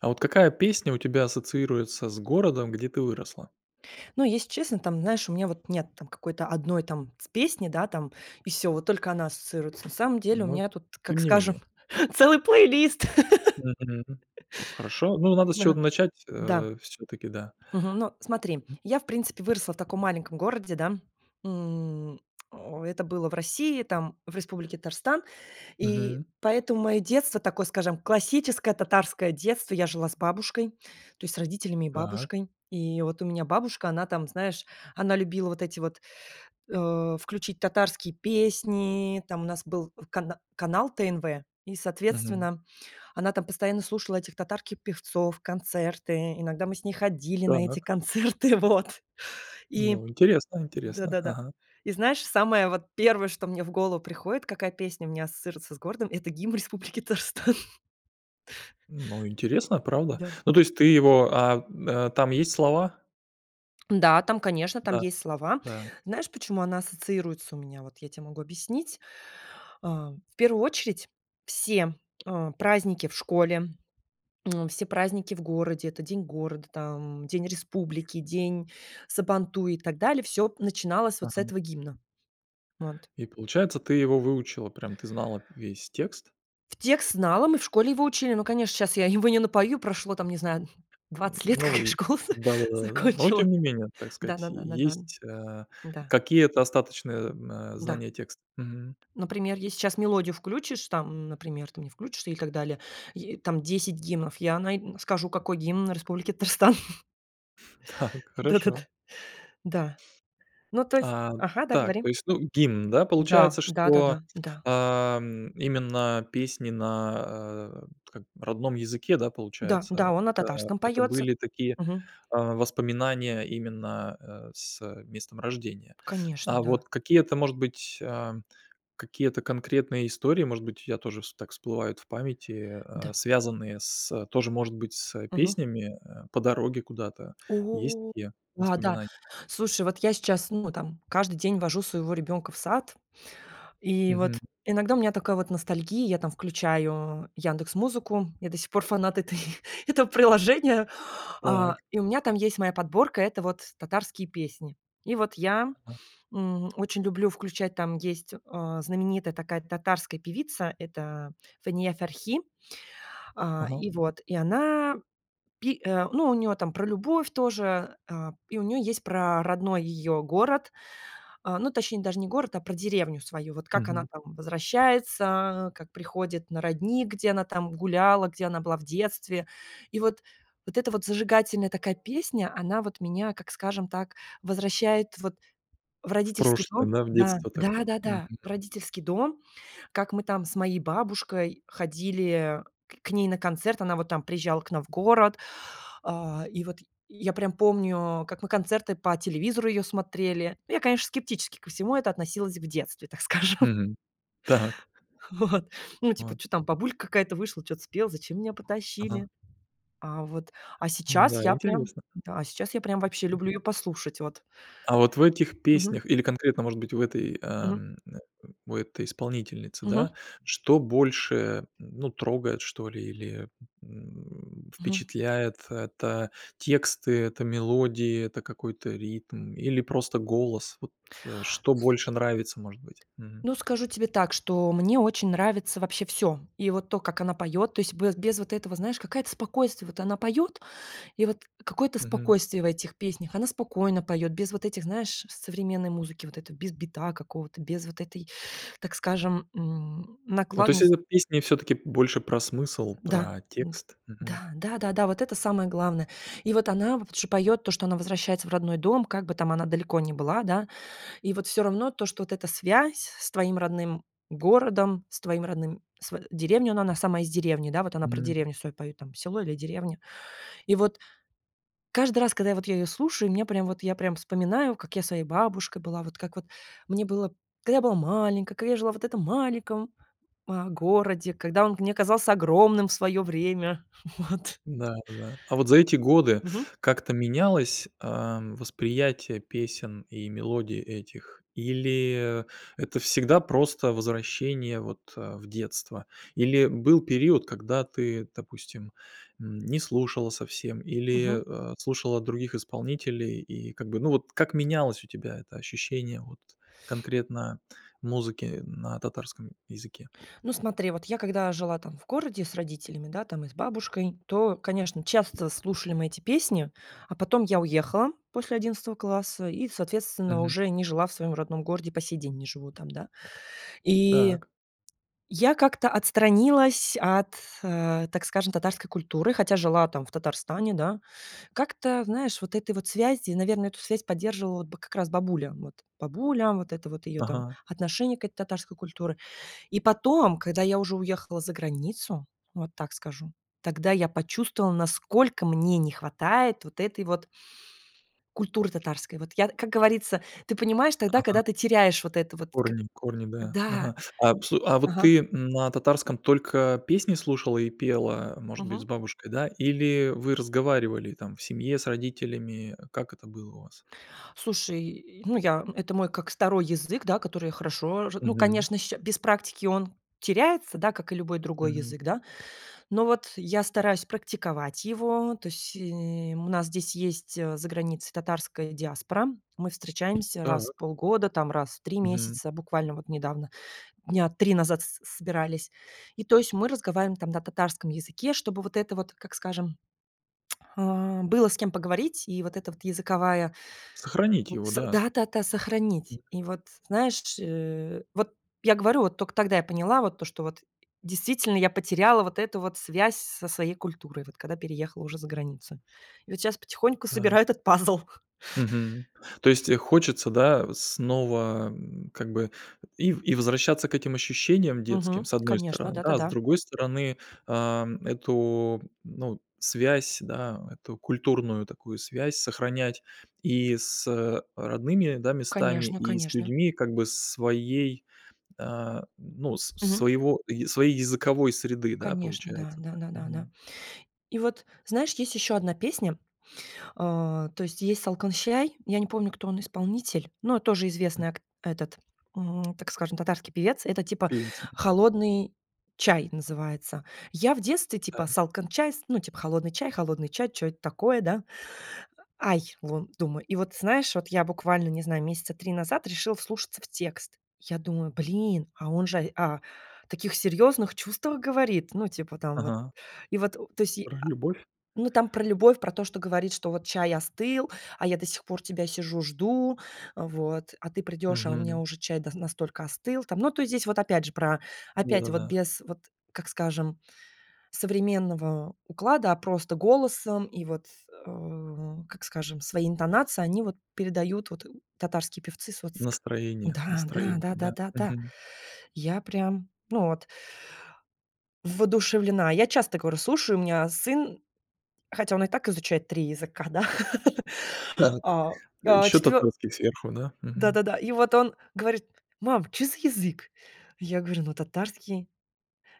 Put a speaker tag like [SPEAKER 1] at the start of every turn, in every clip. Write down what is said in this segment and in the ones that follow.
[SPEAKER 1] А вот какая песня у тебя ассоциируется с городом, где ты выросла?
[SPEAKER 2] Но если честно, там знаешь, у меня вот нет там какой-то одной там с песни, да там и всё, вот только она ассоциируется. На самом деле у
[SPEAKER 1] Ну,
[SPEAKER 2] меня тут,
[SPEAKER 1] тем
[SPEAKER 2] как
[SPEAKER 1] не
[SPEAKER 2] скажем,
[SPEAKER 1] менее. Да.
[SPEAKER 2] целый плейлист.
[SPEAKER 1] Мгм. Хорошо. Ну, надо с
[SPEAKER 2] Ага.
[SPEAKER 1] чего-то начать,
[SPEAKER 2] Да.
[SPEAKER 1] э, все-таки, да.
[SPEAKER 2] Мгм, ну, смотри,
[SPEAKER 1] М
[SPEAKER 2] я в принципе выросла в таком маленьком городе, да. М, это было в России, там, в Республике Татарстан. И
[SPEAKER 1] Мгм.
[SPEAKER 2] поэтому мое детство такое, скажем, классическое татарское детство. Я жила с бабушкой, то есть с родителями и
[SPEAKER 1] Так.
[SPEAKER 2] бабушкой. И вот у меня бабушка, она там, знаешь, она любила вот эти вот, э, включить татарские песни. Там у нас был кан канал ТНВ и,
[SPEAKER 1] Мгм.
[SPEAKER 2] соответственно, она там постоянно слушала этих татарки певцов, концерты, иногда мы с ней ходили на эти
[SPEAKER 1] Так.
[SPEAKER 2] концерты, вот и
[SPEAKER 1] Ну, интересно
[SPEAKER 2] да
[SPEAKER 1] интересно.
[SPEAKER 2] да да.
[SPEAKER 1] Ага.
[SPEAKER 2] И знаешь, самое вот 1, что мне в голову приходит, какая песня у меня ассоциируется с городом это гимн республики Татарстан.
[SPEAKER 1] Ну, интересно, правда.
[SPEAKER 2] Да.
[SPEAKER 1] Ну, то есть ты его, а, э, там есть слова?
[SPEAKER 2] Да там, конечно, там
[SPEAKER 1] Да,
[SPEAKER 2] есть слова.
[SPEAKER 1] да.
[SPEAKER 2] Знаешь, почему она ассоциируется у меня? Вот я тебе могу объяснить. А, в первую очередь все, э, праздники в школе, м, все праздники в городе это День города, там День Республики, День Сабантуй, и так далее. Всё начиналось вот с
[SPEAKER 1] Мгм.
[SPEAKER 2] этого гимна. Вот.
[SPEAKER 1] И получается ты его выучила, прям ты знала весь текст?
[SPEAKER 2] В текст знала, мы в школе его учили, но, конечно, сейчас я его не напою прошло там не знаю 20 лет,
[SPEAKER 1] Но
[SPEAKER 2] как я
[SPEAKER 1] и,
[SPEAKER 2] школу за
[SPEAKER 1] да да да. Но
[SPEAKER 2] закончила.
[SPEAKER 1] тем не менее так
[SPEAKER 2] Да
[SPEAKER 1] сказать
[SPEAKER 2] да да да да.
[SPEAKER 1] есть, э,
[SPEAKER 2] Да.
[SPEAKER 1] какие-то остаточные, м, э,
[SPEAKER 2] Да.
[SPEAKER 1] знания текста. Мгм.
[SPEAKER 2] Например, если сейчас мелодию включишь, там, например, ты мне включишь, и так далее е там 10 гимнов я най скажу какой гимн Республики Татарстан.
[SPEAKER 1] Так.
[SPEAKER 2] Да да да.
[SPEAKER 1] Хорошо.
[SPEAKER 2] Да. Ну то есть
[SPEAKER 1] А,
[SPEAKER 2] ага, да,
[SPEAKER 1] так,
[SPEAKER 2] говори.
[SPEAKER 1] то есть, ну гимн, да.
[SPEAKER 2] Да.
[SPEAKER 1] Получается,
[SPEAKER 2] Да да
[SPEAKER 1] что,
[SPEAKER 2] да. Да.
[SPEAKER 1] э, м, именно песни на, э, как родном языке, да,
[SPEAKER 2] Да да
[SPEAKER 1] получается,
[SPEAKER 2] он на
[SPEAKER 1] это
[SPEAKER 2] татарском
[SPEAKER 1] это
[SPEAKER 2] поется.
[SPEAKER 1] были такие,
[SPEAKER 2] Мгм.
[SPEAKER 1] а, воспоминания именно, э, с, э, местом рождения.
[SPEAKER 2] Конечно,
[SPEAKER 1] А
[SPEAKER 2] да.
[SPEAKER 1] вот какие-то, может быть, а, какие-то конкретные истории, может быть у тебя тоже вс так всплывают в памяти, э,
[SPEAKER 2] Да.
[SPEAKER 1] а, связанные с тоже, может быть, с
[SPEAKER 2] Мгм.
[SPEAKER 1] песнями, э, по дороге куда-то. Есть
[SPEAKER 2] О,
[SPEAKER 1] такие
[SPEAKER 2] да да,
[SPEAKER 1] воспоминания?
[SPEAKER 2] слушай, вот я сейчас, ну там каждый день вожу своего ребенка в сад. И
[SPEAKER 1] Мгм.
[SPEAKER 2] вот иногда у меня такая вот ностальгия, я там включаю "Яндекс музыку". Я до сих пор фанат этой этого приложения, а,
[SPEAKER 1] Так.
[SPEAKER 2] и у меня там есть моя подборка- это вот татарские песни. И вот я,
[SPEAKER 1] Ага.
[SPEAKER 2] м, очень люблю включать, там есть, э, знаменитая такая татарская певица- это Фания Ферхи. А,
[SPEAKER 1] Ага.
[SPEAKER 2] и вот и она, пи э, ну у нее там про любовь тоже, э, и у нее есть про родной её город, а, ну точнее даже не город, а про деревню свою. Вот как она
[SPEAKER 1] Мгм.
[SPEAKER 2] там возвращается, как приходит на родник, где она там гуляла, где она была в детстве. И вот вот это вот зажигательная такая песня. Она вот меня, как скажем так, возвращает вот в
[SPEAKER 1] В
[SPEAKER 2] родительский
[SPEAKER 1] прошлое,
[SPEAKER 2] дом.
[SPEAKER 1] да, в
[SPEAKER 2] Да,
[SPEAKER 1] детство такое,
[SPEAKER 2] да да
[SPEAKER 1] мгм.
[SPEAKER 2] да. В родительский дом, как мы там с моей бабушкой ходили к ней на концерт. Она вот там приезжала к нам в город, а, и вот я прям помню, как мы концерты по телевизору ее смотрели. Я, конечно, скептически ко всему это относилось в детстве, так скажем.
[SPEAKER 1] Мгм. Так.
[SPEAKER 2] Вот, ну типа,
[SPEAKER 1] От
[SPEAKER 2] чё там бабулька какая-то вышла, чё-то спела, зачем меня
[SPEAKER 1] Ага.
[SPEAKER 2] потащили? А вот, а сейчас
[SPEAKER 1] М-да,
[SPEAKER 2] я прям.
[SPEAKER 1] интересно.
[SPEAKER 2] Да, а, сейчас я прям вообще
[SPEAKER 1] Интере
[SPEAKER 2] люблю ее послушать. Вот.
[SPEAKER 1] А вот в этих
[SPEAKER 2] Мгм.
[SPEAKER 1] песнях, или конкретно может быть в этой, а,
[SPEAKER 2] Мгм.
[SPEAKER 1] м, э, в этой исполнительницы,
[SPEAKER 2] Мгм.
[SPEAKER 1] да, что больше, э, ну трогает что ли или, м,
[SPEAKER 2] Мгм.
[SPEAKER 1] впечатляет? Это тексты, это мелодии, это какой-то ритм, или просто голос? Вот, э, что больше нравится может быть? Мгм.
[SPEAKER 2] Ну, скажу тебе так, что мне очень нравится вообще всё. И вот то, как она поет, то есть бе без вот этого, знаешь, какая-то спокойствие. Вот она поет, и вот какое-то
[SPEAKER 1] Мгм.
[SPEAKER 2] спокойствие в этих песнях. Она спокойно поет, без вот этих, знаешь, современной музыки. Вот это, без бита какого-то без вот этой, так скажем, м,
[SPEAKER 1] Ну то есть
[SPEAKER 2] накладность
[SPEAKER 1] это песни все-таки больше про смысл,
[SPEAKER 2] Да.
[SPEAKER 1] про
[SPEAKER 2] Вот
[SPEAKER 1] текст. Мгм.
[SPEAKER 2] Да. Да да да, вот это самое главное. И вот она вот ш поет то, что она возвращается в родной дом, как бы там она далеко не была, да. И вот всё равно то, что вот эта связь с твоим родным городом, с твоим родным св деревней, ну, она на сама из деревни. Да вот она про
[SPEAKER 1] Мгм.
[SPEAKER 2] деревню свою поет там, село или деревня. И вот каждый раз, когда я вот я ее слушаю, мне прям вот я прям вспоминаю, как я с своей бабушкой была. Вот как вот мне было да я была маленькой, когда я жила в этом маленьком, э, городе, когда он мне казался огромным в свое время. Вот.
[SPEAKER 1] Да да да. А вот за эти годы
[SPEAKER 2] Мгм.
[SPEAKER 1] как-то менялось, а, восприятие песен и мелодий этих? Или это всегда просто возвращение вот, э, в детство или был период, когда ты допустим, м, не слушала совсем или,
[SPEAKER 2] Мгм.
[SPEAKER 1] э, слушала других исполнителей, и как бы ну вот как менялось у тебя это ощущение вот конкретно музыки на татарском языке?
[SPEAKER 2] Ну смотри, вот я, когда жила там в городе с родителями, да там и с бабушкой, то, конечно, часто слушали мы эти песни. А потом я уехала после 11 класса и, соответственно,
[SPEAKER 1] Мгм.
[SPEAKER 2] уже не жила в своем родном городе, по сей день не живу там, да. И
[SPEAKER 1] Так.
[SPEAKER 2] я как-то отстранилась от, э, так скажем, татарской культуры, хотя жила там в Татарстане, да. Как-то, знаешь, вот этой вот связи, наверно, эту связь поддерживала бы, как раз, бабуля. Вот бабуля, вот это вот ее там
[SPEAKER 1] Ага.
[SPEAKER 2] отношение к этой татарской культуры. И потом, когда я уже уехала за границу, вот так скажу. Тогда я почувствовала, насколько мне не хватает вот этой вот культуры татарской. Вот я, т как говорится, ты понимаешь тогда,
[SPEAKER 1] Ага.
[SPEAKER 2] когда ты теряешь вот это вот к
[SPEAKER 1] Корни корни, да.
[SPEAKER 2] Да.
[SPEAKER 1] Ага. А вс а вот
[SPEAKER 2] Ага.
[SPEAKER 1] ты, м, на татарском только песни слушала и пела, может быть с
[SPEAKER 2] Мгм.
[SPEAKER 1] бабушкой, да? Или вы разговаривали там, в семье, с родителями? Как это было у вас?
[SPEAKER 2] Слушай, ну, я, это мой как 2 язык, да который я хорошо ж ну
[SPEAKER 1] Мгм.
[SPEAKER 2] конечно, щ без практики он теряется, да как и любой другой
[SPEAKER 1] Мгм.
[SPEAKER 2] язык да. Но вот я стараюсь практиковать его. То есть, э, у нас здесь есть, э, за границей татарской диаспора. Мы встречаемся раз в
[SPEAKER 1] Так.
[SPEAKER 2] полгода, там раз в 3
[SPEAKER 1] Мгм.
[SPEAKER 2] месяца буквально вот недавно, дня 3 назад с собирались. И то есть мы разговариваем там на татарском языке, чтобы вот это вот, как скажем, а, было с кем поговорить. И вот это вот языковая
[SPEAKER 1] Сохранить
[SPEAKER 2] у
[SPEAKER 1] его,
[SPEAKER 2] с
[SPEAKER 1] да.
[SPEAKER 2] да да да
[SPEAKER 1] М
[SPEAKER 2] сохранить. И вот знаешь ш э, вот я говорю, вот только тогда я поняла вот то, что вот действительно я потеряла вот эту вот связь со своей культурой, вот когда переехала уже за границу. И вот сейчас потихоньку
[SPEAKER 1] Да.
[SPEAKER 2] собираю этот пазл.
[SPEAKER 1] Мгм. То есть, э, хочется, да, э снова, м, как бы и в и возвращаться к этим ощущениям детским
[SPEAKER 2] Мгм.
[SPEAKER 1] с одной
[SPEAKER 2] Конечно,
[SPEAKER 1] стороны,
[SPEAKER 2] да да
[SPEAKER 1] да, а с
[SPEAKER 2] да.
[SPEAKER 1] другой стороны ам, эту ну связь, да, эту культурную такую связь сохранять и с, э, родными, да, местами,
[SPEAKER 2] Конечно
[SPEAKER 1] и с
[SPEAKER 2] конечно.
[SPEAKER 1] людьми, как бы, своей, а, ну с с
[SPEAKER 2] Мгм.
[SPEAKER 1] своего ие своей языковой среды, да,
[SPEAKER 2] Конечно, да
[SPEAKER 1] получается
[SPEAKER 2] да
[SPEAKER 1] так.
[SPEAKER 2] да да да -да.
[SPEAKER 1] Мгм.
[SPEAKER 2] И вот знаешь, есть еще одна песня, э, то есть есть "Салкын чәй", я не помню, кто он исполнитель, но тоже
[SPEAKER 1] М
[SPEAKER 2] известный ак этот, м, так скажем татарский певец. Это типа
[SPEAKER 1] Певица.
[SPEAKER 2] "Холодный чай" называется. Я в детстве, типа
[SPEAKER 1] Так.
[SPEAKER 2] "Салкын чәй", ну типа холодный чай, холодный чай. Чё это такое, да? Ай, лун думаю, и вот знаешь, вот я буквально, не знаю, месяца 3 назад решила вслушаться в текст. Я думаю, блин, а он же, а, о таких серьезных чувствах говорит. Ну, типа там вот
[SPEAKER 1] Ага.
[SPEAKER 2] и вот, то есть,
[SPEAKER 1] Про
[SPEAKER 2] а,
[SPEAKER 1] любовь.
[SPEAKER 2] ну, там про любовь, про то, что говорит, что вот чай остыл, а я до сих пор тебя сижу жду. Вот. А ты придешь, а у меня
[SPEAKER 1] Мгм.
[SPEAKER 2] уже чай да настолько остыл, там. Ну, то здесь вот опять же про
[SPEAKER 1] Да
[SPEAKER 2] опять
[SPEAKER 1] да
[SPEAKER 2] вот
[SPEAKER 1] да.
[SPEAKER 2] без вот, как скажем, современного уклада, а просто голосом и вот, м, как скажем, свои интонации они вот передают вот татарские певцы с вот ск
[SPEAKER 1] Настроение
[SPEAKER 2] Да да
[SPEAKER 1] настроение,
[SPEAKER 2] да-да
[SPEAKER 1] да.
[SPEAKER 2] да да,
[SPEAKER 1] Мгм.
[SPEAKER 2] я прям, ну, вот воодушевлена. Я часто говорю, слушаю, у меня сын, хотя он и так изучает 3 языка, да,
[SPEAKER 1] Так.
[SPEAKER 2] а, а
[SPEAKER 1] Еще
[SPEAKER 2] четвё
[SPEAKER 1] татарский сверху, да.
[SPEAKER 2] Да
[SPEAKER 1] Мгм.
[SPEAKER 2] да да. И вот он говорит: "Мам, чё за язык?" Я говорю ну татарский.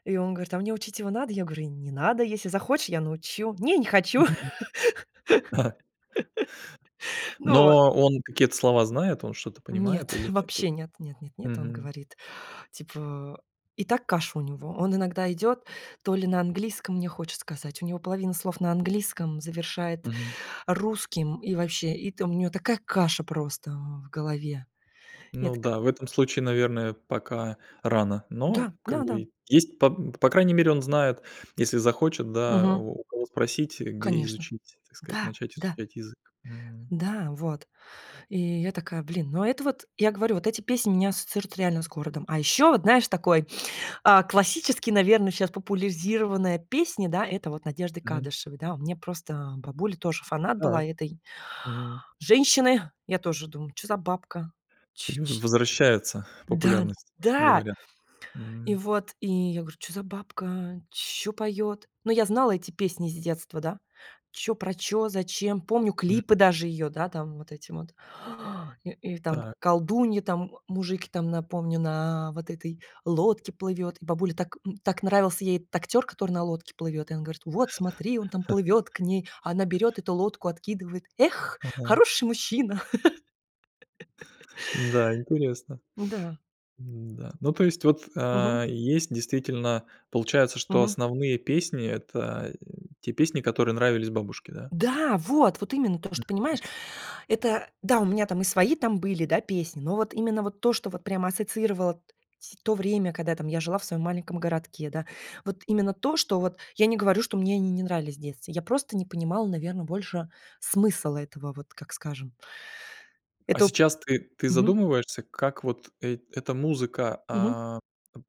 [SPEAKER 2] И он говорит, а мне учить его надо. Я говорю не надо, если захочешь, я научу. "Не, не хочу".
[SPEAKER 1] Мгм.
[SPEAKER 2] Ну вот.
[SPEAKER 1] Но он какие-то слова знает, он что-то понимает
[SPEAKER 2] Нет,
[SPEAKER 1] или нет.
[SPEAKER 2] вообще нет. Нет нет нет. Он
[SPEAKER 1] Мгм.
[SPEAKER 2] говорит, типа, и так каша у него. Он иногда идет, то ли на английском, мне хочет сказать, у него половина слов на английском, завершает
[SPEAKER 1] Мгм.
[SPEAKER 2] русским. И вообще, и там у него такая каша просто в голове. Я
[SPEAKER 1] Ну
[SPEAKER 2] такая
[SPEAKER 1] да в этом случае наверное пока рано,
[SPEAKER 2] Да,
[SPEAKER 1] но как
[SPEAKER 2] да да.
[SPEAKER 1] бы есть по по крайней мере он знает если захочет да
[SPEAKER 2] Мгм.
[SPEAKER 1] у у кого спросить, где
[SPEAKER 2] Конечно,
[SPEAKER 1] изучить, так сказать,
[SPEAKER 2] да,
[SPEAKER 1] начать
[SPEAKER 2] да.
[SPEAKER 1] изучать язык. Мгм.
[SPEAKER 2] Да вот, и я такая, блин, но это вот я говорю, вот эти песни у меня ассоциируются реально с городом. А еще вот знаешь такой, а, классический, наверно, сейчас популяризированная песни, да это вот Надежды
[SPEAKER 1] Мгм.
[SPEAKER 2] Кадышевой. Да мне просто бабуля тоже фанат
[SPEAKER 1] Так.
[SPEAKER 2] была этой
[SPEAKER 1] Мгм.
[SPEAKER 2] женщины. Я тоже думаю чё за бабка, ч
[SPEAKER 1] Ю в
[SPEAKER 2] ч
[SPEAKER 1] возвращается
[SPEAKER 2] Да
[SPEAKER 1] популярность,
[SPEAKER 2] да,
[SPEAKER 1] говорят.
[SPEAKER 2] и
[SPEAKER 1] Мгм.
[SPEAKER 2] вот и я говорю: "Чё за бабка? Чё поёт?" Но я знала эти песни из детства, да- чё про чё, зачем. Помню
[SPEAKER 1] М.
[SPEAKER 2] клипы даже её да там вот эти вот и, и там
[SPEAKER 1] Так.
[SPEAKER 2] колдуньи там, мужики, там напомню на вот этой лодке плывет, и бабуле так, м, так нравился ей этот актер, который на лодке плывет. И она говорит: "Вот смотри он там плывёт к ней". А она берет эту лодку, откидывает. "Эх,
[SPEAKER 1] Ага.
[SPEAKER 2] хороший мужчина".
[SPEAKER 1] Да, интересно.
[SPEAKER 2] Да.
[SPEAKER 1] М-да. Ну то есть вот,
[SPEAKER 2] Мгм.
[SPEAKER 1] а, есть, действительно, получается, что
[SPEAKER 2] Мгм.
[SPEAKER 1] основные песни это, э, те песни, которые нравились бабушке, да?
[SPEAKER 2] Да, вот вот именно то, что
[SPEAKER 1] Мгм.
[SPEAKER 2] понимаешь это, да, у меня там и свои там были, да песни, но вот именно вот то, что вот прямо ассоциировало т сь то время, когда я там, я жила в своем маленьком городке, да. Вот именно то, что вот я не говорю, что мне они не нравились в детстве. Я просто не понимала, наверно, больше смысл этого. Вот как скажем.
[SPEAKER 1] А
[SPEAKER 2] Эту
[SPEAKER 1] сейчас ты ты
[SPEAKER 2] Мгм.
[SPEAKER 1] задумываешься, как вот эт эта музыка,
[SPEAKER 2] Мгм.
[SPEAKER 1] а,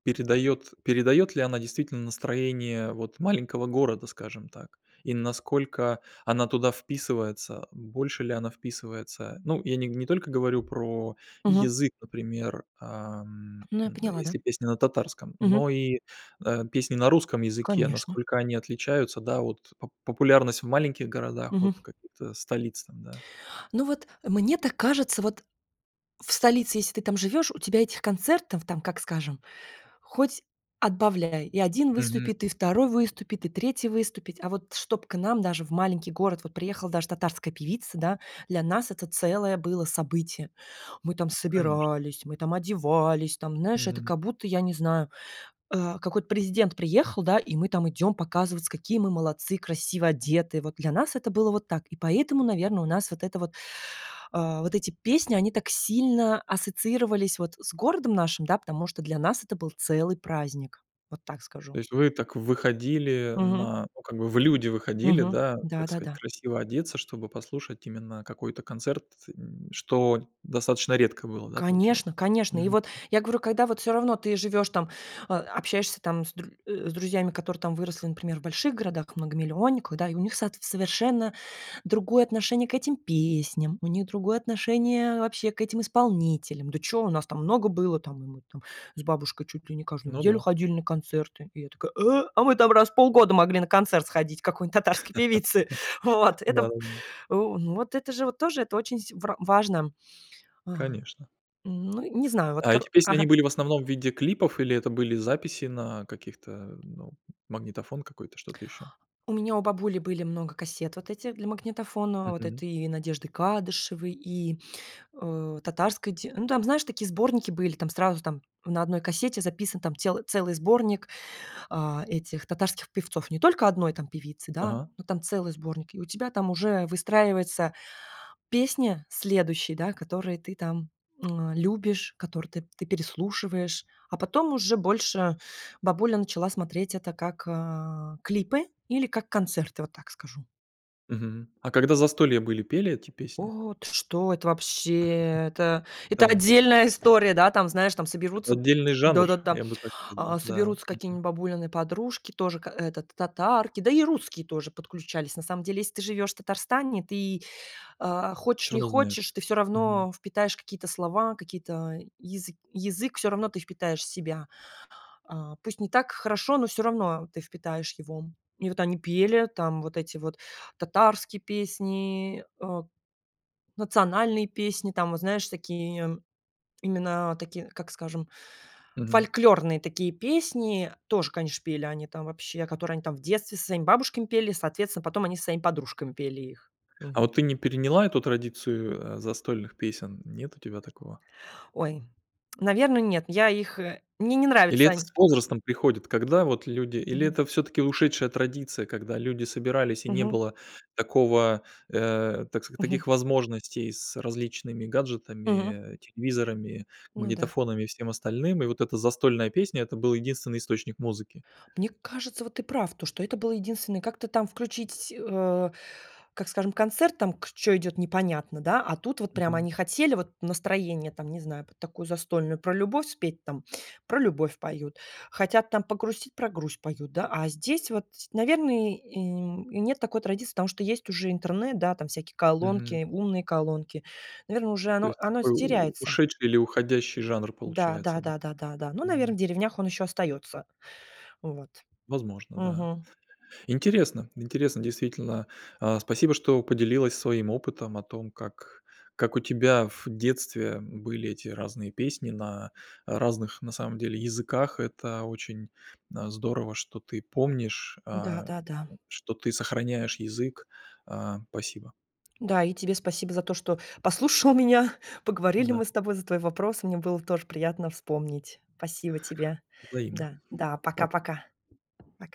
[SPEAKER 1] передает передает ли она действительно настроение вот маленького города, скажем так? И насколько она туда вписывается больше, ли она вписывается, ну, я не не только говорю про
[SPEAKER 2] Мгм.
[SPEAKER 1] язык, например, а, м
[SPEAKER 2] Ну я поняла.
[SPEAKER 1] если
[SPEAKER 2] Да.
[SPEAKER 1] песня на татарском
[SPEAKER 2] Мгм.
[SPEAKER 1] но и, а, песни на русском языке-
[SPEAKER 2] Конечно.
[SPEAKER 1] насколько они отличаются, да, вот по популярность в маленьких городах от
[SPEAKER 2] Мгм.
[SPEAKER 1] каких-то столиц там, да?
[SPEAKER 2] Ну вот, мне так кажется вот. В столице, если ты там живешь, у тебя этих концертов, там как скажем, хоть отбавляй, и 1
[SPEAKER 1] Мгм.
[SPEAKER 2] выступит, и 2 выступить, и 3 выступит. А вот чтоб к нам, даже в маленький город, вот приехала даже татарская певица, да, для нас это целое было событие. Мы там
[SPEAKER 1] Конечно.
[SPEAKER 2] собирались, мы там одевались, там знаешь, это
[SPEAKER 1] Мгм.
[SPEAKER 2] как будто я не знаю, э, какой-то президент приехал, да и мы там идем показываться, какие мы молодцы, красиво одетые. Вот для нас это было вот так и поэтому, наверно, у нас вот это вот. А, вот эти песни они так сильно ассоциировались вот с городом нашим, да потому что для нас это был целый праздник. Вот так
[SPEAKER 1] То
[SPEAKER 2] скажу.
[SPEAKER 1] есть вы так выходили,
[SPEAKER 2] Мгм.
[SPEAKER 1] на, ну, как бы, в люди выходили,
[SPEAKER 2] Мгм.
[SPEAKER 1] да,
[SPEAKER 2] Да
[SPEAKER 1] так
[SPEAKER 2] да
[SPEAKER 1] сказать
[SPEAKER 2] да.
[SPEAKER 1] красиво одеться, чтобы послушать именно какой-то концерт, м, что достаточно редко было, да, получается?
[SPEAKER 2] Конечно конечно. И
[SPEAKER 1] Мгм.
[SPEAKER 2] вот я говорю, когда вот всё равно ты живешь, там, а, общаешься там с др э, с друзьями, которые там выросли, например, в больших городах многомиллионниках, да и у них соот совершенно другое отношение к этим песням, у них другое отношение вообще к этим исполнителям. Да чё, у нас там много было, там мы там с бабушкой чуть ли не каждую
[SPEAKER 1] Ну
[SPEAKER 2] неделю
[SPEAKER 1] да.
[SPEAKER 2] ходили на концерты. И я такая: "Э. А мы там раз в полгода могли на концерт сходить к какой-нибудь татарской певице". Вот это в э,
[SPEAKER 1] Ладно.
[SPEAKER 2] ну вот это же вот тоже это очень с вр важно. Ага,
[SPEAKER 1] Конечно.
[SPEAKER 2] м, ну не знаю вот
[SPEAKER 1] А эти
[SPEAKER 2] кор
[SPEAKER 1] песни они
[SPEAKER 2] ага.
[SPEAKER 1] были в основном в виде клипов, или это были записи на каких-то, э, ну, магнитофон какой-то, что-то еще?
[SPEAKER 2] У меня у бабули были много кассет вот этих для магнитофона, вот
[SPEAKER 1] Мгм.
[SPEAKER 2] этой и Надежды Кадышевой, и, э, татарской те Ну там, знаешь, такие сборники были, там сразу там на одной кассете записан там тел целый сборник, а, этих татарских певцов, не только 1 там певицы, да,
[SPEAKER 1] Ага.
[SPEAKER 2] но там целый сборник, и у тебя там уже выстраивается песня следующие, да, которые ты там, эм, любишь, которые ты ты переслушиваешь, а потом уже больше бабуля начала смотреть это как, э, клипы, или как концерты. Вот так скажу.
[SPEAKER 1] Мгм. А когда застолья были, пели эти песни?
[SPEAKER 2] О, ты что это вообще! Это это
[SPEAKER 1] Да.
[SPEAKER 2] отдельная история. Да, там, знаешь, там соберутся
[SPEAKER 1] Отдельный жанр,
[SPEAKER 2] да да, там,
[SPEAKER 1] я бы так
[SPEAKER 2] а,
[SPEAKER 1] сказал, да.
[SPEAKER 2] соберутся
[SPEAKER 1] Мгм.
[SPEAKER 2] какие-нибудь бабулины подружки тоже к этот татарки, да и русские тоже подключались. На самом деле, если ты живёшь в Татарстане, ты, а, хочешь
[SPEAKER 1] Всё
[SPEAKER 2] не
[SPEAKER 1] равно
[SPEAKER 2] хочешь,
[SPEAKER 1] знаешь.
[SPEAKER 2] ты всё
[SPEAKER 1] Мгм.
[SPEAKER 2] равно впитаешь какие-то слова, какие-то язы язык, всё равно ты впитаешь в себя. А, пусть не так хорошо, но всё равно ты впитаешь его. И вот они пели там вот эти вот татарские песни, э, национальные песни там вот знаешь такие именно такие, как скажем,
[SPEAKER 1] Мгм.
[SPEAKER 2] фольклорные такие песни, тоже конечно пели они там вообще которые они там в детстве со своими бабушками пели, соответственно, потом они со своими подружками пели их,
[SPEAKER 1] А
[SPEAKER 2] мгм.
[SPEAKER 1] вот ты не переняла эту традицию, э, застольных песен, нет у тебя такого?
[SPEAKER 2] Ой, наверно нет, я их, э, мне не
[SPEAKER 1] Или
[SPEAKER 2] нравятся
[SPEAKER 1] это
[SPEAKER 2] они
[SPEAKER 1] с возрастом приходит, когда вот люди или
[SPEAKER 2] Мгм.
[SPEAKER 1] это все-таки ушедшая традиция, когда люди собирались, и не
[SPEAKER 2] Мгм.
[SPEAKER 1] было такого, э, так ск
[SPEAKER 2] Мгм.
[SPEAKER 1] таких возможностей с различными
[SPEAKER 2] Мгм.
[SPEAKER 1] гаджетами, э телевизорами,
[SPEAKER 2] Ну да.
[SPEAKER 1] магнитофонами, и всем остальным. И вот эта застольная песня- это был единственный источник музыки.
[SPEAKER 2] Мне кажется, вот ты прав, то что это было единственное, как-то там включить, э, как скажем, концерт, там к чё идет непонятно, да. А тут вот прямо
[SPEAKER 1] Мгм.
[SPEAKER 2] они хотели вот настроение, там не знаю, под такую застольную, про любовь спеть, там- про любовь поют. Хотят там погрустить- про грусть поют, да. А здесь вот, ть наверно и, м, и нет такой традиции, потому что есть уже интернет. Да там всякие
[SPEAKER 1] Мгм.
[SPEAKER 2] колонки, умные колонки, наверно уже
[SPEAKER 1] То
[SPEAKER 2] оно
[SPEAKER 1] есть
[SPEAKER 2] оно с
[SPEAKER 1] такой у
[SPEAKER 2] теряется.
[SPEAKER 1] ушедший, или уходящий жанр
[SPEAKER 2] Да
[SPEAKER 1] получается,
[SPEAKER 2] да
[SPEAKER 1] да.
[SPEAKER 2] да да да да. Ну наверно в
[SPEAKER 1] Мгм.
[SPEAKER 2] деревнях он еще остается. Вот.
[SPEAKER 1] Возможно, да.
[SPEAKER 2] Мгм.
[SPEAKER 1] Интересно интересно действительно. А, спасибо, что поделилась своим опытом о том как, как у тебя в детстве были эти разные песни на разных, на самом деле, языках. Это очень, э, м, здорово, что ты помнишь,
[SPEAKER 2] Да
[SPEAKER 1] а,
[SPEAKER 2] да да.
[SPEAKER 1] что ты сохраняешь язык, а. Спасибо.
[SPEAKER 2] Да и тебе спасибо за то, что послушал меня. Поговорили
[SPEAKER 1] Да.
[SPEAKER 2] мы с тобой за твой вопрос. Мне было тоже приятно вспомнить. Спасибо тебе.
[SPEAKER 1] Взаимно.
[SPEAKER 2] Да, да
[SPEAKER 1] Па
[SPEAKER 2] пока-пока. Пока.